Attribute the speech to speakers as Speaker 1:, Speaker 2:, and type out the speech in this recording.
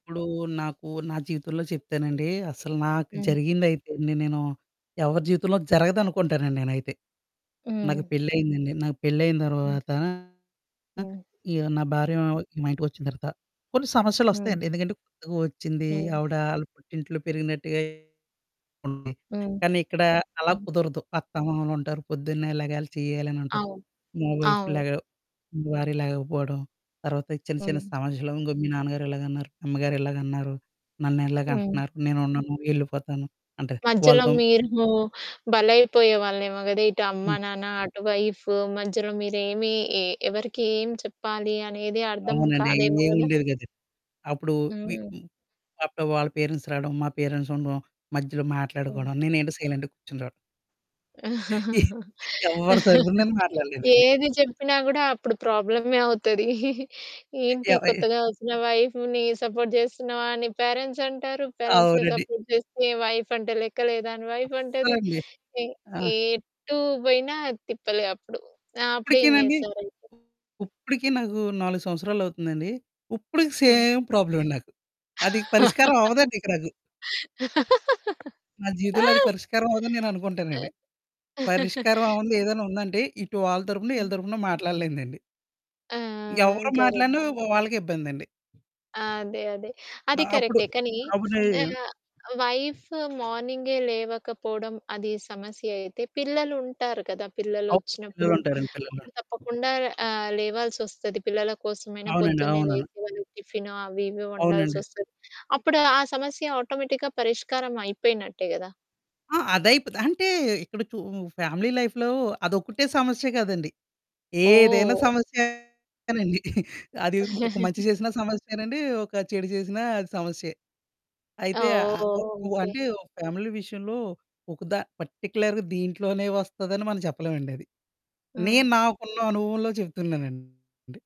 Speaker 1: ఇప్పుడూ నాకు నా జీవితంలో చెప్తానండీ, అసలు నాకు
Speaker 2: హ్మ్.
Speaker 1: జరిగిందయితే, నే నేను ఎవరి జీవితంలో జరగదనుకుంటానండి నేనైతే. నాకు
Speaker 2: హ్మ్.
Speaker 1: పెళ్లయిందండి, నాకు పెళ్లయిన
Speaker 2: హ్మ్.
Speaker 1: తర్వాత ఆహ్,
Speaker 2: హ్మ్.
Speaker 1: య్ నా భార్యా మా ఇంటికొచ్చిన తర్వాత, కొన్ని
Speaker 2: హ్మ్.
Speaker 1: సమస్యలొస్తయండి. ఎందుకంటే, కొత్తగా ఒచ్చిందీ.
Speaker 2: హ్మ్.
Speaker 1: ఆవిడా ఆళ్ళ పుట్టింట్లో పెరిగినట్టుగే ఉంది.
Speaker 2: హ్మ్.
Speaker 1: కానీ ఇక్కడా అలాగ
Speaker 2: హ్మ్.
Speaker 1: కుదరదు. అత్తామామలుంటారు, పొద్దున్నే లెగాలి, చెయ్యాలనుంటది.
Speaker 2: అవును.
Speaker 1: మా వైఫ్
Speaker 2: అవును.
Speaker 1: లెగ భార్య లెగకపోడం, తర్వాత ఈ చిన్న చిన్న
Speaker 2: హ్మ్.
Speaker 1: సమస్యలు. "ఇంగో మీ నాన్నగారిలాగన్నారు, అమ్మగారిలాగన్నారు,
Speaker 2: హ్మ్.
Speaker 1: నన్నిలాగంటన్నారు, నేనుండను, యెళ్ళిపోతాను." అంటే, వాళ్ళ
Speaker 2: మధ్యలో
Speaker 1: తమ్
Speaker 2: మీరూ బలైపోయేవాళ్ళేమో గదా! ఇటు అమ్మా,
Speaker 1: హ్మ్.
Speaker 2: నాన్న అటు వైఫ్, మధ్యలో మీరేమీ ఇ ఎవరికేం చెప్పాలి అనేది అర్థం
Speaker 1: అవునండి.
Speaker 2: కాదేమో గదా!
Speaker 1: ఏవుండేది కాదు. అప్పుడూ వి
Speaker 2: హ్మ్.
Speaker 1: హ్మ్, అప్పుడు వాళ్ళ పేరెంట్స్ రాడం, మా పేరెంట్స్ ఉండం, మధ్యలో
Speaker 2: ఆ!
Speaker 1: మాట్లాడుకోడం, నేనేంటో సైలెంట్‌గ కూర్చుంటం. ఎవ్వరి తరుపున నేను మాట్లాడలేదండి.
Speaker 2: ఏది చెప్పినా గూడా అప్పుడు ప్రాబ్లమే అవుతదీ. ఏంటి,
Speaker 1: ఏవ
Speaker 2: కొత్తగా ఒచ్చిన వైఫ్‌ని సపోర్ట్ జేస్తున్నావా అని పేరెంట్సంటారు, పేరెంట్స్‌ని
Speaker 1: అవునండి.
Speaker 2: సపోర్ట్ చేస్తే వైఫంటే లెక్క లేదా అని వైఫంటది.
Speaker 1: అస్సలండి.
Speaker 2: ఎ
Speaker 1: ఆ!
Speaker 2: ఎటూ బోయినా తిప్పలే అప్పుడు. ఆ! అప్పుడేం
Speaker 1: ఇప్పుడికీనండి.
Speaker 2: జేస్తారయితే?
Speaker 1: ఇప్పుడికీ నాకు 4 సంవత్సరాలవుతుందండి, ఉప్పడికి
Speaker 2: హ్మ్.
Speaker 1: సేమ్ ప్రాబ్లమండి నాకు. అదిక పరిష్కారమవ్వదండిక నాకు. నా జీవితంలో అది పరిష్కారమవ్వదని నేననుకుంటానండి. పరిష్కారం అవ్వంది ఏదైనా ఉందంటే, ఇటు వాళ్ళ తరుపున, ఈళ్ళ
Speaker 2: ఆ!
Speaker 1: తరపున మాట్లాడలేనిదండి.
Speaker 2: ఆ!
Speaker 1: ఎవ్వరు
Speaker 2: గర
Speaker 1: మాట్లాడినా వ్ వాళ్ళకే ఇబ్బందండి.
Speaker 2: ఆ! అదే. అదే.
Speaker 1: ఆ!
Speaker 2: అది
Speaker 1: అప్పుడు,
Speaker 2: కరక్టే, కానీ
Speaker 1: అప్పుడు నేన్
Speaker 2: ఆహ్, వైఫ్ మార్నింగే లేవకపోడం, అది సమస్య అయితే, పిల్లలుంటారు కదా!
Speaker 1: అవును.
Speaker 2: పిల్లలొచ్చినప్పుడు,
Speaker 1: పిల్లలుంటారండి పిల్లలు.
Speaker 2: అప్పుడు తప్పకుండా ఆహ్, లేవాల్సొస్తది. పిల్లల కోసమైనా
Speaker 1: అవునండి.
Speaker 2: పొద్దున్నే
Speaker 1: అవునను.
Speaker 2: లేచి, వాళ్ళు టిఫిను, అవి ఇవి
Speaker 1: అవునండి.
Speaker 2: వండాల్సొస్తది. అప్పుడు ఆ సమస్య ఆటోమేటిక్‌గా పరిష్కారం అయిపోయినట్టే గదా!
Speaker 1: ఆ! అదైపోతది అంటే, ఇక్కడ చూ ఫ్యామిలీ లైఫ్‌లో అదొక్కటే సమస్య కాదండి. ఏదైనా
Speaker 2: ఓహ్!
Speaker 1: సమస్యే. కానండి అది ఒ ఒక మంచి చేసినా సమస్యేనండీ, ఒక చెడు చేసినా అది సమస్యే.
Speaker 2: ఆ!
Speaker 1: అయితే, ఆహ్,
Speaker 2: ఓహ్!
Speaker 1: ఆహ్, ఒ
Speaker 2: ఓహ్!
Speaker 1: ఉ ఆహ్,
Speaker 2: ఓకే.
Speaker 1: అంటే, ఫ్యామిలీ విషయంలో ఒక ద పర్టిక్యులర్‌గా దీంట్లోనే వస్తదని మనం చెప్పలేమండది.
Speaker 2: హ్మ్.
Speaker 1: నేను నాకున్న అనుభవంలో చెప్తున్నానండి.